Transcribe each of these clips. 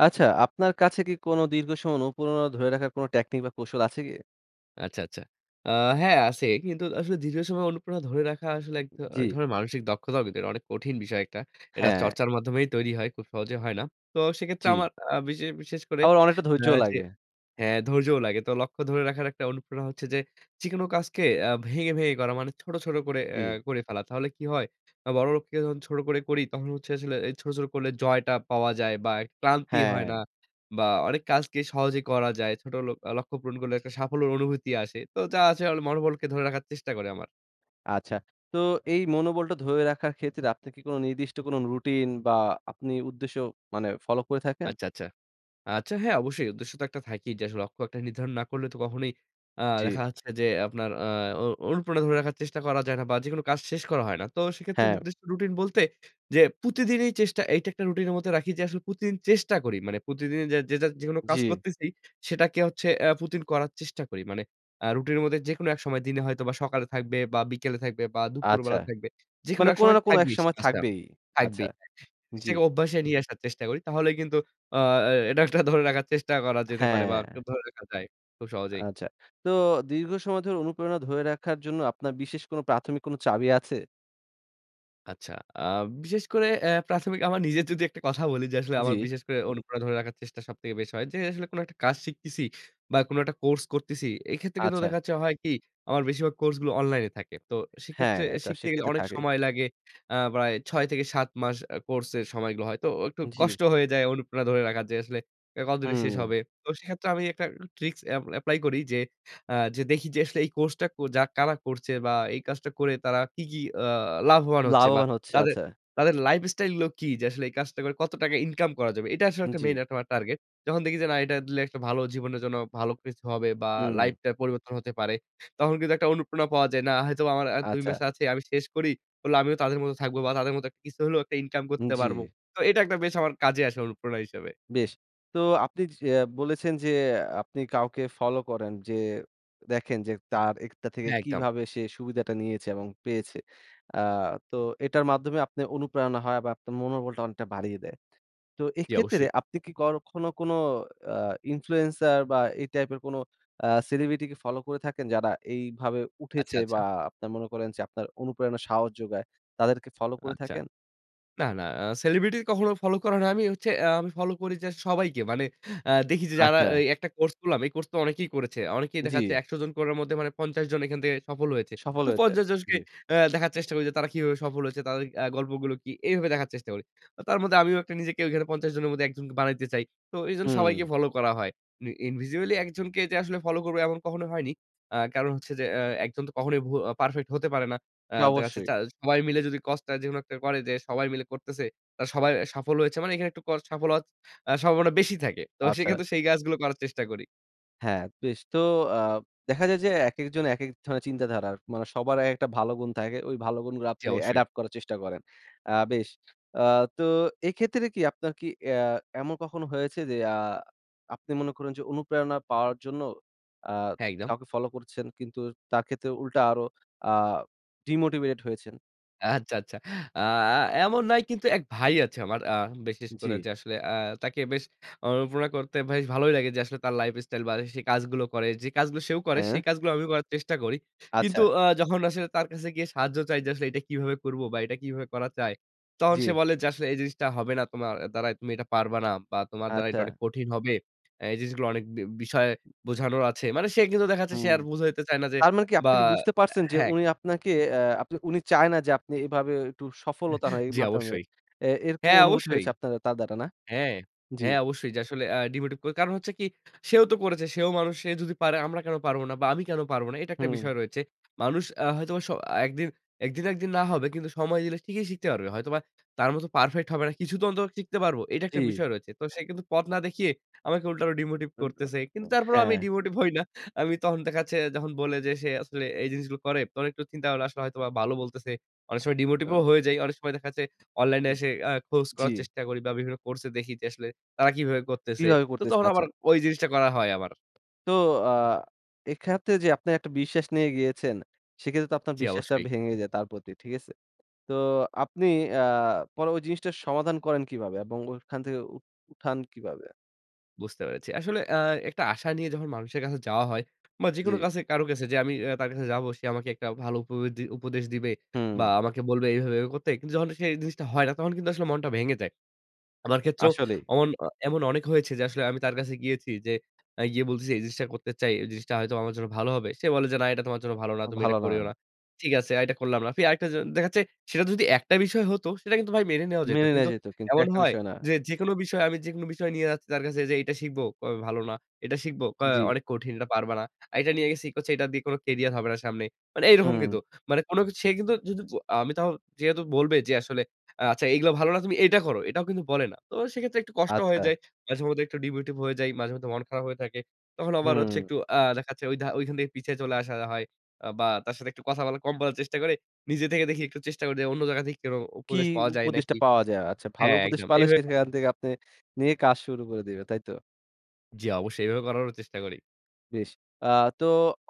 আচ্ছা, আপনার কাছে কি কোনো দীর্ঘ সময় অনুপ্রেরনা ধরে রাখার কোন টেকনিক বা, কৌশল আছে কি? আচ্ছা, আচ্ছা। আ হ্যাঁ, আছে। কিন্তু আসলে দীর্ঘ সময় অনুপ্ররণা ধরে রাখা আসলে এক উ ধর এক জি। ধরনের মানসিক দক্ষতার ভিতর। অনেক কঠিন বিষয় একটা। এটা হ্যাঁ। চর্চার মাধ্যমেই তৈরি হয়। খুব সহজে হয় না। তো সেক্ষেত্রে জি। আমার আ বিশেষ বিশেষ করে আবার অনেকটা আ ধৈর্যও যে লাগে। হ্যাঁ, ধৈর্যও লাগে। তো লক্ষ্য ধরে রাখার একটা অনুপ্রেরণা হচ্ছে যে যেকোন কাজকে আ ভেঙে, ভেঙে করা মানে ছোট, ছোট করে এ জি। করে ফেলা। তাহলে কি হয়? বড় লোককে যখন ছোট করে করি তখন হচ্ছে আসলে এ ছোট, ছোট করলে জয়টা পাওয়া যায় বা, এক ক্লান্তি হয় না। হ্যাঁ। বা, অনেক কাজকে সহজে করা যায়। ছোট লক লক্ষ্য পূরণ করলে একটা সাফল্যর অনুভূতি আসে। তো যা আছে অল মনোবলকে ধরে রাখার চেষ্টা করে আমার। আচ্ছা। তো এই মনোবলটা ধরে রাখার ক্ষেত্রে আপনি কি কোন নির্দিষ্ট কোন রুটিন বা, আপনি উদ্দেশ্য মানে ফলো করে থাকেন? আচ্ছা, আচ্ছা। আচ্ছা, হ্যাঁ। অবশ্যই উদ্দেশ্য তো একটা থাকেই যে, আসলে লক্ষ্য একটা নির্ধারণ না করলে তো কখনোই আ দেখা জি। যাচ্ছে যে আপনার আ অনু অনুপ্রেরনা ধরে রাখার চেষ্টা করা যায় না বা, যেকোনো কাজ শেষ করা হয় না। তো সেক্ষেত্রে হ্যাঁ। নির্দিষ্ট রুটিন বলতে যে প্রতিদিনই চেষ্টা এইটা একটা রুটিনের মধ্যে রাখি যে, আসলে প্রতিদিন চেষ্টা করি। মানে প্রতিদিনই যে যেটা যেকোনো কাজ জি। করতেছি সেটাকে হচ্ছে আ প্রতিদিন করার চেষ্টা করি। মানে আ রুটিনের মধ্যে যেকোন এক সময় দিনে হয়তোবা সকালে থাকবে বা, বিকেলে থাকবে বা, আচ্ছা। দুপুরবেলা থাকবে। যেকোনো মানে এক কোনো সময় না কোনো এক থাকবেই সে সময় কাজটা থাকবেই। আচ্ছা। থাকবেই, হ্যাঁ। জি। সেটাকে অভ্যাসে নিয়ে আসার চেষ্টা করি। তাহলে কিন্তু আ এ এটা একটা ধরে রাখার চেষ্টা করা যেতে পারে বা, একটু হ্যাঁ। ধরে রাখা যায়। খুব সহজেই। আচ্ছা। তো দীর্ঘ সময় ধরে অনুপ্রেরণা ধরে রাখার জন্য আপনার বিশেষ কোনো প্রাথমিক কোনো চাবি আছে? আচ্ছা। আ বিশেষ করে এ প্রাথমিক আমার নিজে যদি একটা কথা বলি যে, আসলে আমার জি। বিশেষ করে অনুপ্রেরণা ধরে রাখার চেষ্টা সবথেকে বেশি হয়। যে আসলে কোন একটা কাজ শিখতেছি বা কোন একটা কোর্স করতেছি। এক্ষেত্রে কিন্তু আচ্ছা। দেখা যাচ্ছে হয় কি? আমার বেশিরভাগ কোর্সগুলো অনলাইনে থাকে। তো হ্যাঁ। সেক্ষেত্রে এ এটা শিখতে গেলে সেক্ষেত্রে অনেক থাকে। সময় লাগে। আ প্রায় ৬ থেকে ৭ মাস আ কোর্সের সময়গুলো হয়। তো ও একটু জি। কষ্ট হয়ে যায় অনুপ্রেরণা ধরে রাখা যে আসলে এটা কতদিনে শেষ হুম। হবে। তো সেক্ষেত্রে আমি একটা ই ট্রিক্স এপ এপ্লাই করি যে, আ যে দেখি যে আসলে এই কোর্সটা কো যা কারা করছে বা, এই কাজটা করে তারা কি, কি আ লাভবান হচ্ছে? বা লাভবান হচ্ছে। তাদের, আচ্ছা। তাদের লাইফস্টাইলগুলো কী? যে আসলে এই কাজটা করে কত টাকা ইনকাম করা যাবে? এটা আসলে উ একটা মেইন জি। একটা আমার টার্গেট। যখন দেখি যে না এটা দিলে আসলে একটা ভালো জীবনের জন্য ভালো কিছু হবে হু, বা হুম। লাইফটা পরিবর্তন হতে পারে। তখন কিন্তু একটা অনুপ্রেরণা পাওয়া যায়। না হয়তোবা আমার ১ ২ মাস আচ্ছা। আছে, আমি শেষ করি। করলে আমিও তাদের মতো থাকবো বা তাদের মত এক কিছু হলেও একটা ইনকাম উ করতে পারবো। জি। তো এটা একটা বেশ আমার কাজে আসে অনুপ্রেরণা হিসেবে। বেশ! তো আপনি যে বলেছেন যে আ আপনি কাউকে ফলো করেন। যে দেখেন যে, তার এইটা থেকে হ্যাঁ, একদম। কিভাবে সে সুবিধাটা নিয়েছে? এবং পেয়েছে? আ তো এটার মাধ্যমে আপনার অনুপ্রেরণা হয় বা আপনার মনোবলটা অনেকটা বাড়িয়ে দেয়। তো জি, এক্ষেত্রে অবশ্যই। আপনি কি কখনও কোনো আ influencer বা এই টাইপের কোনো আ সেলিব্রিটিকে ফলো করে থাকেন যারা এইভাবে উঠেছে? আচ্ছা, আচ্ছা। বা আপনারা মনে করেন যে আপনার অনুপ্রেরণা সাহস জোগায় তাদেরকে ফলো করে আচ্ছা। থাকেন? না, না। আ সেলিব্রিটি কখনো ফলো করা হয় না। আমি হচ্ছে এ আমি ফলো করি যে সবাইকে। মানে আ দেখি যে যারা আচ্ছা। এই একটা কোর্স করলাম। এই কোর্স তো অনেকেই করেছে। অনেকেই দেখা যাচ্ছে জি। ১০০ জন করার মধ্যে মানে ৫০ জন এখান থেকে সফল হয়েছে। সফল তো হয়েছে। ৫০ জনকে জি। আ দেখার চেষ্টা করি যে, তারা কিভাবে সফল হয়েছে? তাদের আ গল্পগুলো কি? এইভাবে দেখার চেষ্টা করি। ও তার মধ্যে আমিও একটু নিজেকে ওখানে ৫০ জনের মধ্যে একজন বানাইতে চাই। তো এজন্য হুম। সবাইকে ফলো করা হয়। মি individually ১ জনকে যে আসলে ফলো করবো এমন কখনো হয়নি। আ কারণ হচ্ছে যে আ ১ জন তো কখনোই ভু আ পারফেক্ট হতে পারে না। আ এটা দেখা জাচ্ছে অবশ্যই। চা সবাই মিলে যদি কস্টটা যেকোনো একটা করে যে সবাই মিলে করতেছে, তারা সবার এ সাফল্য হয়েছে। মানে এখানে একটু কস্ট সাফল্য হওয়ার আ সম্ভাবনা বেশি থাকে। তো আচ্ছা। সেইক্ষেত্রে সেই কাজগুলো করার চেষ্টা করি। হ্যাঁ, বেশ। তো আ দেখা যায় যে একেকজন একেক ধরনের চিন্তাধারার। মানে সবার একেকটা ভালো গুণ থাকে। ওই ভালো গুণগুলো জি, আপনি অবশ্যই। অ্যাডাপ্ট করার চেষ্টা করেন। আ বেশ। আ তো এইক্ষেত্রে কি আপনার কি অ্যা এমন কখনো হয়েছে যে আ আপনি মনে করুন যে, অনুপ্রেরণা পাওয়ার জন্য আ হ্যাঁ, একদম। কাউকে ফলো করছেন। কিন্তু এ তার ক্ষেত্রে উল্টা আরো আ ডিমোটিভেটেড হয়েছেন? আচ্ছা, আচ্ছা। আ আ এমন নাই, কিন্তু এক ভাই আছে আমার। আ বিশেষ করে জি। যে আসলে আ তাকে বেশ অনুপ্রেরনা করতে বেশ ভালোই লাগে। যে আসলে তার লাইফ স্টাইল বা, যে সে কাজগুলো করে যে কাজগুলো সেও করে সেই হ্যাঁ। কাজগুলো আমিও করার চেষ্টা করি। কিন্তু আচ্ছা। আ যখন আসলে তার কাছে গিয়ে সাহায্য চাই যে, আসলে এইটা কিভাবে করবো বা, এইটা কিভাবে করা যায়? তখন সে জি। বলে যে আসলে এই জিনিসটা হবে না তোমার এ দ্বারায়, তুমি এইটা পারবা না। বা, তোমার দ্বারা এইটা আচ্ছা। অনেক কঠিন হবে। অ্যা এই জিনিসগুলো অনেক বি বিষয় বোঝানোর আছে। মানে সে কিন্তু দেখা যাচ্ছে, সে হুম। আর বুঝাইতে চায় না যে, তার মানে কি বা আপনি কি বুঝতে পারছেন যে হ্যাঁ। উনি আপনাকে আ আপনি উনি চায় না যে আপনি এভাবেও একটু সফলতা হয় এই জি, মাধ্যমে, অবশ্যই। এ এরকম হ্যাঁ, অনুভূতি অবশ্যই। হয়েছে আপনার আ তার দ্বারা, না? হ্যাঁ, জি। হ্যাঁ, অবশ্যই। যে আসলে আ ডিমোটিভ করে। কারণ হচ্ছে কি? সেও তো করেছে। সেও মানুষ, সে যদি পারে আমরা কেন পারবো না বা, আমি কেন পারবো না? এইটা একটা হুম। বিষয় রয়েছে। মানুষ আ হয়তোবা স একদিন একদিন একদিন না হবে কিন্তু সময় দিলে ঠিকই শিখতে পারবে। হয়তোবা তার মতো পারফেক্ট হবে না, কিছু তো অন্তত শিখতে পারবো। এইটা একটা জি। বিষয় রয়েছে। তো সে কিন্তু পথ না দেখিয়ে আমাকে উল্টা আরো ডিমোটিভ করতেছে। কিন্তু [unintelligible] তারপরেও আমি হ্যাঁ। ডিমোটিভ হই না। আমি তখন দেখা যাচ্ছে যখন বলে যে সে আসলে এই জিনিসগুলো করে, তখন একটু চিন্তা করলে আসলে হয়তোবা ভালো বলতেছে। অনেক সময় ডিমোটিভ ও হ্যাঁ। হয়ে যাই। অনেক সময় দেখা যাচ্ছে অনলাইনে এসে আ খোঁজ জি। করার চেষ্টা করি বা, বিভিন্ন কোর্সে দেখি যে, আসলে তারা কিভাবে করতেছে। কিভাবে তো করতেছে? তখন আবার আচ্ছা। ওই জিনিসটা করা হয় আমার। তো আ এক্ষেত্রে যে আপনি একটা বিশ্বাস নিয়ে গিয়েছেন, সেইক্ষেত্রে তো আপনার জি। বিশ্বাসটা অবশ্যই। ভেঙে যায় তার প্রতি, ঠিক আছে? তো আপনি আ পরে ওই জিনিসটা সমাধান করেন কীভাবে? এবং ওইখান থেকে উ উঠান কিভাবে? বুঝতে পেরেছি। আসলে আ একটা আশা নিয়ে যখন মানুষের কাছে যাওয়া হয়। বা যেকোনো জি। কাছে কারো কাছে যে আমি অ্যা তার কাছে যাবো সে আমাকে একটা ভালো উপবিদ্দি উপদেশ দিবে। বা হুম। আমাকে বলবে এইভাবে, এইভাবে করতে। কিন্তু যখন সে এই জিনিসটা হয় না তখন কিন্তু আসলে মনটা ভেঙে যায়। আমার ক্ষেত্রেও আসলেই। ওমন অ এমন অনেক হয়েছে যে আসলে আমি তার কাছে গিয়েছি যে অ্যা গিয়ে বলতেছি যে। "এই জিনিসটা করতে চাই। এই জিনিসটা হয়তো আমার জন্য ভালো হবে।" সে বলে যে, "না এটা তোমার জন্য ভালো না। আ তুমি এটা ভালো না। করিও না।" ঠিক আছে। আর এটা করলাম না। ফি আরেকটা জি দেখা যাচ্ছে, সেটা যদি একটা বিষয় হতো, সেটা কিন্তু ভাই মেনে নেওয়া যাইত। মেনে নেয়া কিন্তু যেত কিন্তু এমন একটা হয় বিষয় না। যে যেকোনো বিষয় আমি যেকোনো বিষয় নিয়ে যাচ্ছি তার কাছে যে এইটা শিখব কবে, "ভালো না।" এটা শিখব, কয়, জি। "অনেক কঠিন। এটা পারবা না।" আরেকটা নিয়ে গেছি কচ্ছে, "এইটা দিয়ে কোনো কেরিয়ার হবে না সামনে।" মানে এইরকম হুম। কিন্তু। মানে কোনোকিছু সে কিন্তু যুদুপু আমি তাও যেহেতু বলবে যে, "আসলে আ আচ্ছা এগুলা ভালো না। তুমি এটা করো।" এটাও কিন্তু বলে না। তো সেইক্ষেত্রে একটু কষ্ট হয়ে আচ্ছা। যায়। মাঝে মধ্যে একটু ডিমটিভেটেড হয়ে যাই। মাঝে মধ্যে মন খারাপ হয়ে থাকে। তখন আবার হচ্ছে হুম। একটু আ দেখাচ্ছে ওইধা ওইখান থেকে পিছায় চলে আসা হয়। আ বা তার সাথে একটু কথা বলা কম বলার চেষ্টা করে নিজে থেকে দেখি একটু চেষ্টা করে দে অন্য জায়গা থেকে কোনো কি উপদেশ পাওয়া যায় উপদেশটা নাকি। পাওয়া যায়। আচ্ছা, ভালো হ্যাঁ। উপদেশ একদম। পাইলে এইভাবে সেখান থেকে আপনি নিয়ে কাজ শুরু করে দিবে। তাই তো? জি অবশ্যই এইভাবে করারও চেষ্টা করি। বেশ। আ তো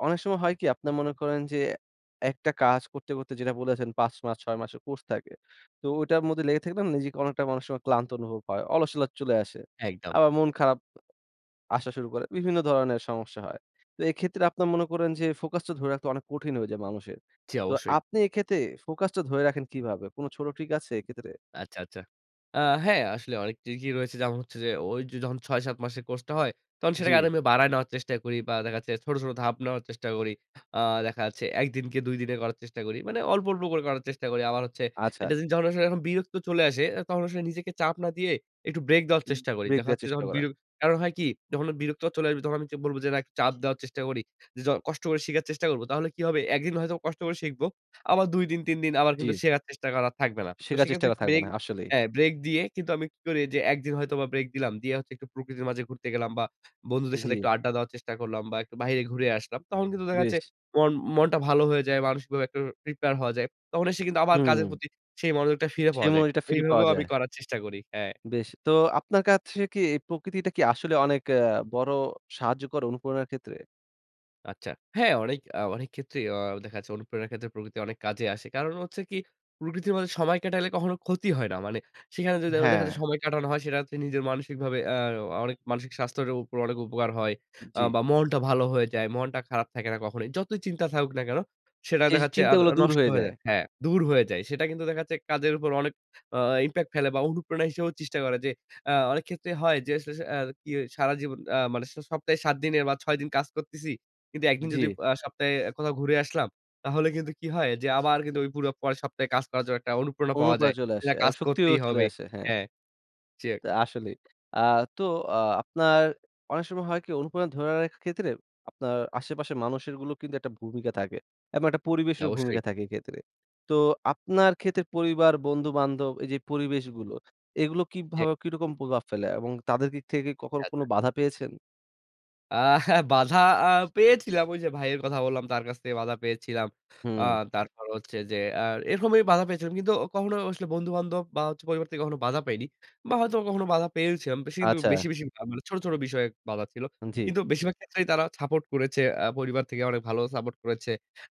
অনেক সময় হয় কি আপনারা মনে করেন যে একটা কাজ করতে, করতে যেটা বলেছেন ৫ মাস ৬ মাসের কোর্স থাকে। তো ঐটার মধ্যে লেগে থাকলে নিজেকে অনেকটা অনেক সময় ক্লান্ত অনুভব হয়। অলসতা চলে আসে। একদম। আবার মন খারাপ আসা শুরু করে। বিভিন্ন ধরনের সমস্যা হয়। তো এক্ষেত্রে আপনার মনে করেন যে ফোকাস টা ধরে রাখতে অনেক কঠিন হয়ে যায় মানুষের। জি তো অবশ্যই। আপনি এক্ষেত্রে ফোকাস টা ধরে রাখেন কিভাবে? কোন ছোট ট্রিক আছে এক্ষেত্রে? আচ্ছা, আচ্ছা। আ হ্যাঁ আসলেই অনেকটি কি রয়েছে যেমন হচ্ছে যে ওই যে যখন ৬ ৭ মাসের কোর্সটা হয় তখন সেটাকে জি। আরও আমি বাড়ায় নেওয়ার চেষ্টা করি বা দেখাচ্ছে ছোট, ছোট ধাপ নেওয়ার চেষ্টা করি। আ দেখা যাচ্ছে ১ দিনকে ২ দিনে করার চেষ্টা করি। মানে অল্প, অল্প করে করার চেষ্টা করি। আবার হচ্ছে আচ্ছা। একটা জিনিস যখন আসলে বিরক্ত চলে আসে এ তখন আসলে নিজেকে চাপ না দিয়ে একটু ব্রেক দেওয়ার বে চেষ্টা করি। ব্রেক দেখা দেয়ার যাচ্ছে চেষ্টা যখন বির করেন। কারণ হয় কি যখন বিরক্ত চলে আসবে তখন আমি বলব যে চাপ দেওয়ার চেষ্টা করি। য কষ্ট করে শিখার চেষ্টা করব। তাহলে কি হবে ১ দিন হয়তো কষ্ট করে শিখব। আবার ২ দিন ৩ দিন আবার কিন্তু জি। শেখার চেষ্টা করা থাকবে না। তো শেখার চেষ্টা সেক্ষেত্রে করে একটু থাকবেন। ব্রেক আসলেই। হ্যাঁ ব্রেক দিয়ে কিন্তু আমি কি করি যে ১ দিন হয়তো বা ব্রেক দিলাম। দিয়ে একটু প্রকৃতির মাঝে ঘুরতে গেলাম বা বন্ধুদের সাথে জি। একটু আড্ডা দেওয়ার চেষ্টা করলাম বা একটু বাইরে ঘুরে আসলাম। তখন কিন্তু দেখা গেছে বেশ। মন মনটা ভালো হয়ে যায়। মানসিকভাবে একটু প্রিপেয়ার হওয়া যায়। তখন এসে কিন্তু আবার কাজের হু। প্রতি সেই মনোযোগটা ফিরে সেই পাওয়া যায়। মনযোগটা ফিরে পাওয়া এইভাবেও আমি যায়। করার চেষ্টা করি। হ্যাঁ। বেশ। তো আপনার কাছে কি এই প্রকৃতিটা কি আসলে অনেক আ বড় সাহায্যকর অনুপ্রেরনার ক্ষেত্রে? আচ্ছা। হ্যাঁ, অনেক আ অনেক ক্ষেত্রেই অ দেখা যাচ্ছে অনুপ্রেরণার ক্ষেত্রে প্রকৃতি অনেক কাজে আসে। কারণ হচ্ছে কি প্রকৃতির মধ্যে সময় কাটালে কখনো ক্ষতি হয় না। মানে সেখানে যদি দেখো দেখা যায় হ্যাঁ। সময় কাটানো হয়, সেটা হচ্ছে নিজের মানসিকভাবে অ্যা আর অনেক মানসিক স্বাস্থ্যের উপর অনেক উপকার হয়। আ জি। বা মনটা ভালো হয়ে যায়, মনটা খারাপ থাকে না কখনোই। যতই চিন্তা থাকুক না কেন সেটা জি, সেই দেখা যাচ্ছে আর চিন্তাগুলো দূর নষ্ট হয়ে হয়ে যায়। যায় হ্যাঁ। দূর হয়ে যায়। সেটা কিন্তু দেখা যাচ্ছে কাজের উপর অনেক আ ইমপ্যাক্ট ফেলে বা অনুপ্রেরণা হিসেবেও চেষ্টা করে। যে আ অনেক ক্ষেত্রে হয় যে আসলে আসলে আর কি সারাজীবন আ মানে স সপ্তাহে ৭ দিনের বা ৬ দিন কাজ করতেছি। কিন্তু ১ দিন যদি জি। পা সপ্তাহে কোথাও ঘুরে আসলাম, তাহলে কিন্তু কি হয় যে আবার কিন্তু ওই পুরো পরের সপ্তাহে কাজ করার জন্য একটা অনুপ্রেরণা পাওয়া যায়। অনুপ্রেরণা চলে যে আসে না এবং কাজ শক্তিও করতেই চলে হবে। আসে। হ্যাঁ। হ্যাঁ, জি। তো আসলেই। আ তো অ আপনার অনেক সময় হয় কি অনুপ্রেরণা ধরে রাখার ক্ষেত্রে আপনার আশেপাশের মানুষেরগুলো কিন্তু একটা ভূমিকা থাকে এবং একটা জি। পরিবেশেরও অবশ্যই। ভূমিকা থাকে এইক্ষেত্রে। তো আপনার ক্ষেত্রে পরিবার, বন্ধু, বান্ধব এইযে পরিবেশগুলো, এগুলো জি। কীভাবে কিরকম প্রভাব ফেলে? এবং তাদের দিক থেকে আচ্ছা, কখনো আচ্ছা। কোনো বাধা পেয়েছেন? আহা বাধা আ পেয়েছিলাম। ওই যে ভাইয়ের কথা বললাম। তার কাছ থেকে বাধা পেয়েছিলাম। আ হু। তারপর হচ্ছে যে আর এরকমই বাধা পেয়েছিলাম। কিন্তু অ কখনো আসলে বন্ধু বান্ধব বা হচ্ছে পরিবার থেকে কখনো বাধা পাইনি। বা হয়তোবা কখনো বাধা পেয়েও ছিলাম। বেশি কিন্তু আচ্ছা। বেশি, বেশি না ছোট, ছোট বিষয়ে বাধা ছিলো। জি। কিন্তু বেশিরভাগ ক্ষেত্রেই তারা সাপোর্ট করেছে। আ পরিবার থেকে অনেক ভালো সাপোর্ট করেছে।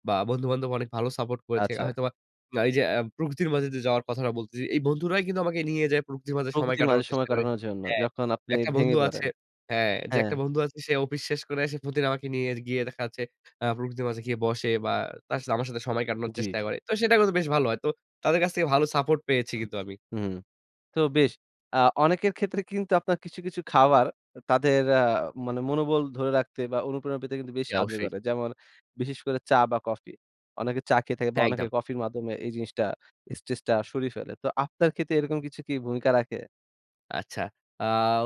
বা বন্ধুবান্ধব অনেক ভালো সাপোর্ট করেছে। আ আচ্ছা। হয়তোবা না এইযে প্রকৃতির মাঝে যে যাওয়ার কথাটা বলতেছি। এই বন্ধুরাই কিন্তু আমাকে নিয়ে যায় প্রকৃতির মাঝে সময় প্রকৃতির মাঝে কাটানোর সময় চেষ্টা করে কাটানোর জন্য হ্যাঁ। যখন আপনি একটা ভেঙে বন্ধু পড়েন। আছে হ্যাঁ। যে হ্যাঁ। একটা বন্ধু আছে সে অফিস শেষ করে এসে প্রতিদিন আমাকে নিয়ে গিয়ে দেখা যাচ্ছে আ প্রকৃতির মাঝে গিয়ে বসে বা তার সাথে আমার সাথে সময় কাটানোর চেষ্টা জি। করে। তো সেটা করলে বেশ ভালো হয়। তো তাদের কাছ থেকে ভালো সাপোর্ট পেয়েছি কিন্তু আমি। হু। তো বেশ। আ অনেকের ক্ষেত্রে কিন্তু আপনার কিছু, কিছু খাবার তাদের আ মানে মনোবল ধরে রাখতে বা অনুপ্রেরণা পেতে কিন্তু বেশ জি। সাহায্য অবশ্যই। করে। যেমন বিশেষ করে চা বা কফি। অনেকে চা খেয়ে থাকে বা হ্যাঁ, অনেকে একদম। কফির মাধ্যমে এই জিনিসটা, স্ট্রেসটা সরিয়ে ফেলে। তো আপনার ক্ষেত্রে এরকম কিছু কি ভূমিকা রাখে? আচ্ছা। আ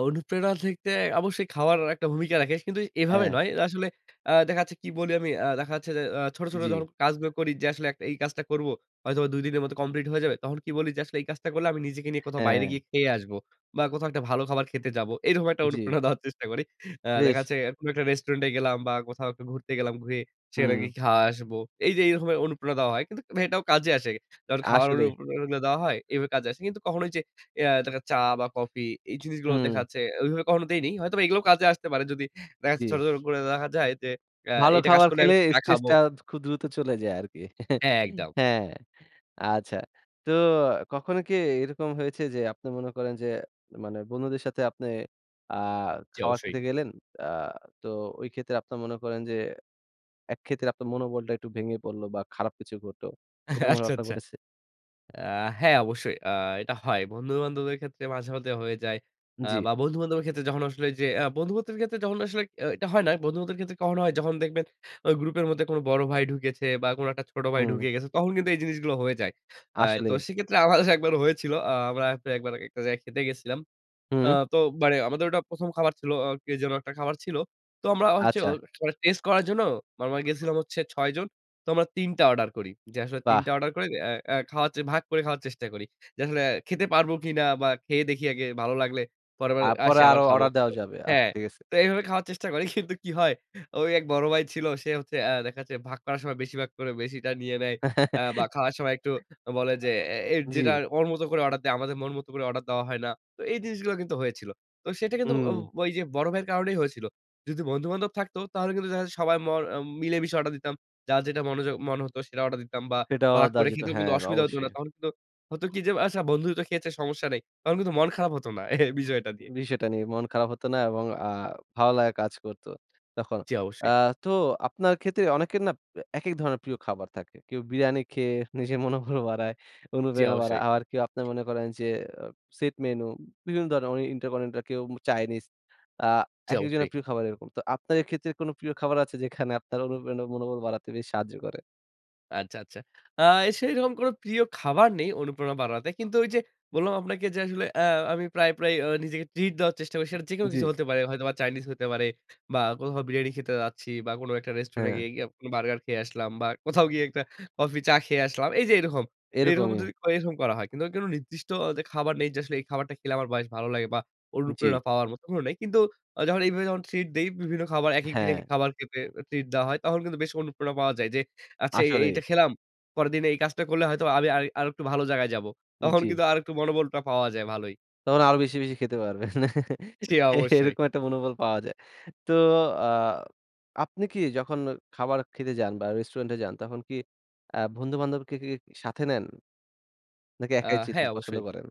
অনুপ্রেরণার ক্ষেত্রে অবশ্যই খাওয়ার একটা ভূমিকা রাখে। কিন্তু এভাবে হ্যাঁ। নয়। আসলে আ দেখা যাচ্ছে কি বলি আমি, আ দেখা যাচ্ছে যে আ ছোট, ছোট যখন জি। কাজগুলো করি যে আসলে এক এই কাজটা করবো, হয়তোবা ২ দিনের মধ্যে কমপ্লিট হয়ে যাবে। তখন কি বলি যে, "আসলে এই কাজটা করলে আমি নিজেকে নিয়ে কোথাও বাইরে হ্যাঁ। গিয়ে খেয়ে আসব। বা কোথাও একটা ভালো খাবার খেতে যাবো।" এরকম একটা জি। অনুপ্রেরণা দেওয়ার চেষ্টা করি। আ দেখা বেশ। যাচ্ছে কোনো একটা রেস্টুরেন্টে গেলাম বা কোথাও একটু ঘুরতে গেলাম, ঘুরে সেখানে গিয়ে হুম। খাওয়া আসব। এই যে এইরকমের অনুপ্রেরনা দেওয়া হয়। কিন্তু এটাও কাজে আসে। যখন খাওয়ার আসলে। অনুপ্রেরনা গুলা দেওয়া হয় এইভাবে কাজে আসে। কিন্তু কখনো ওইযে এ আ থাকে না চা বা কফি, এই জিনিসগুলো দেখা হুম। যাচ্ছে ওইভাবে কখনো দেইনি। হয়তোবা এগুলোও কাজে আসতে পারে। যদি ব্যাস ছোট, জি। ছোট করে দেখা যায় যে, আ ভালো "এইটা কাজ খাবার করলে আমি খেলে একটু চা খাবো।" স্ট্রেসটা খুব দ্রুত চলে যায় আরকি। হ্যাঁ, একদম। হ্যাঁ। আচ্ছা। তো কখনো কি এরকম হয়েছে যে, আপনি মনে করেন যে মানে বন্ধুদের সাথে আপনে আ জি, খাবার অবশ্যই। খেতে গেলেন। আ তো ওই ক্ষেত্রে আপনার মনে করেন যে একক্ষেত্রে আপনার মনোবলটা একটু ভেঙে পড়ল বা খারাপ কিছু ঘটলো। এরকম আচ্ছা, ঘটনা আচ্ছা। ঘটেছে? আ হ্যাঁ। অবশ্যই। আ এটা হয়। বন্ধুবান্ধবদের ক্ষেত্রে মাঝে, মধ্যে হয়ে যায়। আ জি। বা বন্ধু বান্ধবের ক্ষেত্রে যখন আসলে এইযে আ বন্ধু বান্ধবের ক্ষেত্রে যখন আসলে এ এটা হয় না। বন্ধুবান্ধবের ক্ষেত্রে কখন হয়, যখন দেখবেন ওই গ্রুপের মধ্যে কোন বড় ভাই ঢুকেছে বা কোন একটা ছোট ভাই হুম। ঢুকে গেছে। তখন কিন্তু এই জিনিসগুলো হয়ে যায়। আ তো আসলেই। সেক্ষেত্রে আমাদের একবার হয়েছিল। আ আমরা তো একবার একটা জায়গায় খেতে গেছিলাম। আ হুম। তো মানে আমাদের ওটা ১ম খাবার ছিল। আ কে যেন একটা খাবার ছিল। তো আমরা হচ্ছে আচ্ছা। টেস্ট করার জন্য আমরা গেছিলাম হচ্ছে ৬ জন। তো আমরা ৩ টা অর্ডার করি। যে আসলে ৩ বাহ! টা অর্ডার করে এ্যা এ খাওয়ার যে ভাগ করে খাওয়ার চেষ্টা করি। যে আসলে খেতে পারবো কিনা বা খেয়ে দেখি আগে ভালো লাগলে, পরের বার আসি তারপরে আবার আরো খাবো। অর্ডার দেওয়া যাবে। আচ্ছা হ্যাঁ। ঠিক আছে। তো এইভাবে খাওয়ার চেষ্টা করি। কিন্তু কি হয় ওই এক বড় ভাই ছিল। সে হচ্ছে আ দেখা যাচ্ছে ভাগ করার সময় বেশিভাগ করে বেশিটা নিয়ে নেয়। আ বা খাওয়ার সময় একটু বলে যে এ এ যেটা জি। ওর মত করে অর্ডার দেয়, আমাদের মন মত করে অর্ডার দেওয়া হয় না। তো এই জিনিসগুলো কিন্তু হয়েছিল। তো সেটা কিন্তু ও হুম। ওই যে বড় ভাইয়ের কারণেই হয়েছিল। যদি বন্ধু বান্ধব থাকতো তাহলে কিন্তু দেখা যেত সবাই মর মিলে মিশে অর্ডার দিতাম। যার যেটা মনোযোগ মনে হত সেটা অর্ডার দিতাম বা সেটা ভাগ অর্ডার দেয়া করে যেত। খেতেও কিন্তু হ্যাঁ, অসুবিধা হত না। অবশ্যই। তখন কিন্তু হতো কি যে, "আচ্ছা, বন্ধুই তো খেয়েছে সমস্যা নেই।" তখন কিন্তু মন খারাপ হত না এ বিষয়টা দিয়ে। বিষয়টা নিয়ে মন খারাপ হত না এবং আ ভালো লাগা কাজ করত তখন। জি, আ অবশ্যই। তো আপনার ক্ষেত্রে অনেকের না পে একেক ধরনের প্রিয় খাবার থাকে। কেউ বিরিয়ানি খেয়ে নিজের মনোবল বাড়ায়, জি, অনুপ্রেরণা বাড়ায়। অবশ্যই। আবার কেউ আপনের মনে করেন যে, সেট মেনু বিভিন্ন ধরনের ইন্টারকন্টিনেন্টাল, কেউ চায়নিজ। আ যাও একেক ফ্রি। জনের প্রিয় খাবার এরকম। তো আপনার এক্ষেত্রে কোন প্রিয় খাবার আছে? যেখানে আপনার অনুপ্রেরণা মনোবল বাড়াতে বেশ সাহায্য করে? আচ্ছা, আচ্ছা। আ সেইরকম কোনো প্রিয় খাবার নেই অনুপ্রেরণা বাড়াতে। কিন্তু ওইযে, বললাম আপনাকে যে আসলে আ আমি প্রায়, প্রায় আ নিজেকে ট্রিট দেওয়ার চেষ্টা করি। সেটা যেকোনো জি। কিছু হতে পারে। হয়তোবা চাইনিজ হতে পারে বা, কোথাও বিরিয়ানি খেতে যাচ্ছি বা, কোনো একটা রেস্টুরেন্টে হ্যাঁ। গিয়ে গিয়ে বার্গার খেয়ে আসলাম বা, কোথাও গিয়ে একটা কফি, চা খেয়ে আসলাম। এইযে এরকম এরকম এরকমই। যদি করি এরকম করা হয়। কিন্তু কোন নির্দিষ্ট যে খাবার নেই যে আসলে এই খাবারটা খেলে আমার বেশ ভালো লাগে বা, জি। অনুপ্রেরণা পাওয়ার মতো কোন নাই। কিন্তু, যখন এইভাবে যখন ট্রিট দেই বিভিন্ন খাবার, একেক দিন হ্যাঁ। একেক খাবার খেতে এ ট্রিট দেওয়া হয়। তখন কিন্তু বেশ অনুপ্রেরণা পাওয়া যায় যে, আচ্ছা, এই আসলেই। এইটা খেলাম। পরের দিনে এই কাজটা করলে হয়তো আমি আমি আরেকটু ভালো জায়গায় যাবো। তখন জি। কিন্তু আরেকটু মনোবলটা পাওয়া যায় ভালোই। তখন আরো বেশি, বেশি খেতে পারবেন। সে অবশ্যই। এরকম একটা মনোবল পাওয়া যায়। তো আ আপনি কি যখন অ খাবার খেতে যান বা, রেস্টুরেন্টে যান, তখন কি আ বন্ধু-বান্ধবকে কি সাথে নেন? নাকি আ একাই যেতে হ্যাঁ, জিনিস পছন্দ অবশ্যই। করেন?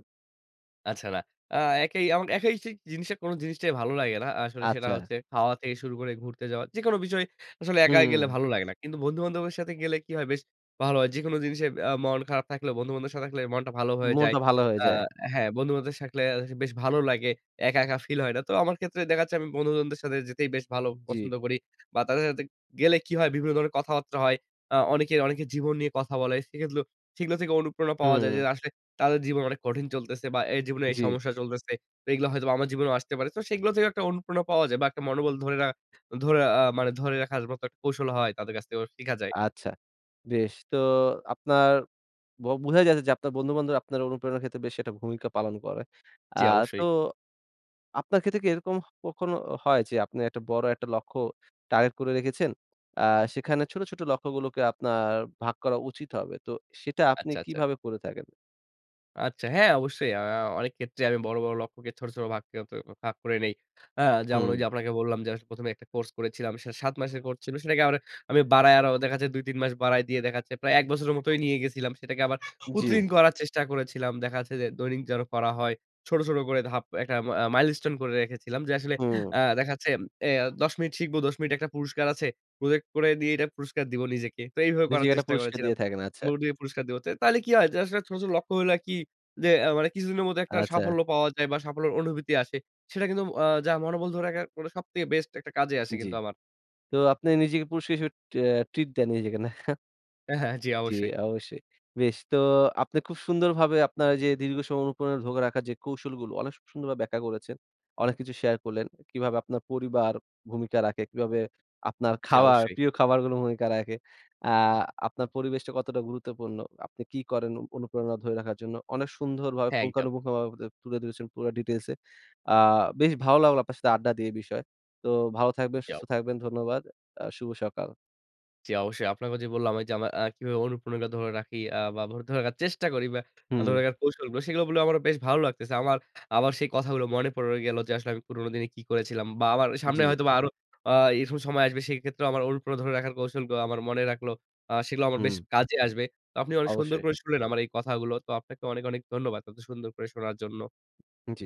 আচ্ছা না, আ একাই এবং একাই সেই জিনিসটা, কোন জিনিসটাই ভালো লাগে না আসলে সেটা আচ্ছা। হচ্ছে খাওয়া থেকে শুরু করে ঘুরতে যাওয়া। যেকোনো বিষয়, আসলে একা গেলে হুম। ভালো লাগে না। কিন্তু বন্ধু-বান্ধবের সাথে গেলে কি হয়? বেশ ভালো হয়। যেকোনো জিনিসে আ মন খারাপ থাকলে বন্ধু-বান্ধবদের সাথে থাকলে মনটা ভালো হয়ে যায়। মনটা ভালো হয়ে আ যায়। হ্যাঁ, বন্ধু-বান্ধবদের সা থাকলে বেশ ভালো লাগে। একা, একা ফিল হয় না। তো আমার ক্ষেত্রে দেখাচ্ছে, আমি বন্ধু-বান্ধবদের সাথে যেতেই বেশ ভালো জি। পছন্দ করি বা, তাদের সাথে গেলে কি হয়? বিভিন্ন ধরনের কথাবার্তা হয়। আ অনেকে অনেকে জীবন নিয়ে কথা বলে। সেগুলো সেগুলো থেকে অনুপ্রেরণা পাওয়া যায় যে, হুম। আসলে তাদের জীবন অনেক কঠিন চলতেছে বা, এই জীবনে এই জি। সমস্যা চলতেছে। তো এগুলা হয়তোবা আমার জীবনেও আসতে পারে। তো সেগুলো থেকে একটা অনুপ্রেরণা পাওয়া যায় বা, একটা মনোবল ধরে রা ধরে আ মানে ধরে রাখার মতো একটা কৌশল হয় তাদের কাছ থেকে শিখা যায়। আচ্ছা। বেশ। তো আপনার বো বোঝাই যাচ্ছে যে, আপনার বন্ধু-বান্ধবরা আপনার অনুপ্রেরণার ক্ষেত্রে বেশ একটা ভূমিকা পালন করে। আ জি, অবশ্যই। তো, আপনার ক্ষেত্রে কি এরকম হ কখনো হয়? যে আপনি একটা বড় একটা লক্ষ্য টার্গেট করে রেখেছেন, আ সেখানে ছোট, ছোট লক্ষ্যগুলোকে আপনার ভাগ করা উচিত হবে। তো, সেটা আপনি আচ্ছা, আচ্ছা। কিভাবে করে থাকেন? আচ্ছা। হ্যাঁ, অবশ্যই। আ অনেক ক্ষেত্রে আমি বড়, বড় লক্ষ্যকে ছোট, ছোট ভাগ কে অ ত ভাগ করে নেই। আ যেমন হুম। ওইযে আপনাকে বললাম যে আস ১ম এ একটা কোর্স করেছিলাম। সেটা ৭ মাসের কোর্স ছিলো। সেটাকে আবার আমি বাড়ায় আরো ওদের কাছে ২-৩ মাস বাড়ায় দিয়ে দেখা যাচ্ছে প্রায় ১ বছরের মতোই নিয়ে গেছিলাম। সেটাকে আবার জি। প্রতিদিন করার চেষ্টা করেছিলাম। দেখা যাচ্ছে যে দৈনিক যেন করা হয়, ছোট, ছোট করে ধাপ একটা মা মাইলস্টোন করে রেখেছিলাম। যে আসলে হুম। আ দেখা যাচ্ছে এ ১০ মিনিট শিখবো, ১০ মিনিট একটা পুরস্কার আছে। প্রজেক্ট করে দিয়ে এটা পুরস্কার দিবো নিজেকে। তো এইভাবে করার নিজেকে একটা চেষ্টা পুরস্কার করেছিলাম। দিয়ে থাকেন। আচ্ছা। মোড দিয়ে পুরস্কার দিবো। ত তাইলে কি হয় যে আসলে ছোট, ছোট লক্ষ্যগুলো আরকি যে আ মানে কিছুদিনের মধ্যে একটা আচ্ছা। সাফল্য পাওয়া যায় বা, সাফল্যের অনুভূতি আসে। সেটা কিন্তু ম আ যা মনোবল ধরে রাখার কোনো, সবথেকে বেস্ট একটা কাজে আসে জি। কিন্তু আমার। তো আপনি নিজেকে পুরস্কার হিসেবে আ ট্রিট দেন নিজেকে, নাহ? হ্যাঁ, হ্যাঁ। জি, জি, অবশ্যই। অবশ্যই। বেশ। তো আপনি খুব সুন্দরভাবে আপনার এইযে দীর্ঘ সময় অনুপ্রেরণা ধরে রাখার যে কৌশলগুলো অনেক সু সুন্দরভাবে ব্যাখ্যা করেছেন। অনেক কিছু শেয়ার করলেন। কিভাবে আপনার পরিবার ভূমিকা রাখে, কিভাবে আপনার জি, খাওয়ার, অবশ্যই। প্রিয় খাবারগুলো ভূমিকা রাখে। আ আপনার পরিবেশটা কতটা গুরুত্বপূর্ণ? আপনি কি করেন অ অনুপ্রেরণা ধরে রাখার জন্য। অনেক সুন্দরভাবে হ্যাঁ, একদম। পুঙ্খানুপুঙ্খভাবে বা দে তুলে ধরেছেন পুরা ডিটেইলসে। আ বেশ ভালো লাগলো আপনার সাথে আড্ডা দিয়ে এ বিষয়ে। তো ভালো থাকবেন, জি অও সুস্থ থাকবেন। ধন্যবাদ। আ শুভ সকাল। জি, অবশ্যই। আপনাকেও যে বললাম ওইযে আমার আ কিভাবে অনুপ্রেরণা ধরে রাখি আ বা, মুড ধরে রাখার চেষ্টা করি বা, ধরে হুম। রাখার কৌশলগুলো সেগুলো বলে আমারও বেশ ভালো লাগতেছে। আমার আবার সেই কথাগুলো মনে পড়ে গেলো যে আসলে আমি পুরনো দিনে কি করেছিলাম বা, আমার সামনে জি। হয়তোবা আরো আ এরকম সময় আসবে। সেক্ষেত্রে আমার অনুপ্রেরণা ধরে রাখার কৌশলগুলো আমার মনে রাখলো। আ সেগুলো আমার বেশ হুম। কাজে আসবে। তো আপনি অনেক সুন্দর অবশ্যই। করে শুনলেন আমার এই কথাগুলো। তো আপনাকে অনেক, অনেক ধন্যবাদ। এতো সুন্দর করে শোনার জন্য। জি।